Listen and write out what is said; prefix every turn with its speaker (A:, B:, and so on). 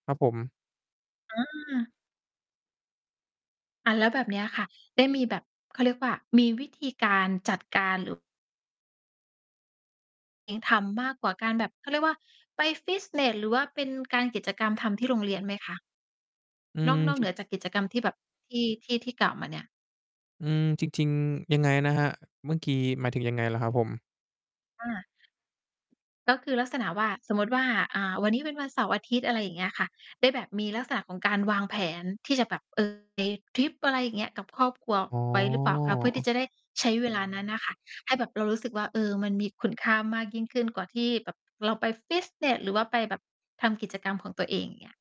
A: ครับผม
B: อา อะ แล้วแบบเนี้ยค่ะ ได้มีแบบ เขาเรียกว่า มีวิธีการจัดการหรือ เน้นทำมากกว่าการแบบ เขาเรียกว่า ไปฟิตเนส หรือว่าเป็นการ กิจกรรมทำที่โรงเรียนไหมคะ?
A: อื
B: น
A: ม
B: อก นอก
A: จร
B: เ
A: ิ
B: หน
A: ง
B: ือจากกิจกรรมที่แบบ ที่ ที่ ที่กล่าวมาเนี่ย
A: อืม จริง ๆ ยังไงนะครับ? เมื่อกี้ หมายถึงยังไงเหรอครับผม?
B: อา ก็คือลักษณะว่า สมมติว่า อ่า วันนี้เป็นวันเสาร์-อาทิตย์ อะไรอย่างเงี้ยค่ะ ได้แบบมีลักษณะของการวางแผนที่จะแบบ เออ ไปทริป อะไรอย่างเงี้ย กับครอบครัว
A: อ๋อ
B: ไว้หรือเปล่าคะ? เพื่อที่จะได้ใช้ เวลานั้นน่ะค่ะ ให้แบบเรารู้สึกว่า เออ มันมีคุณค่ามากยิ่งขึ้นกว่าที่แบบเราไปฟิตเนส หรือว่าไปแบบทำกิจกรรมของตัวเอง อย่างเงี้ย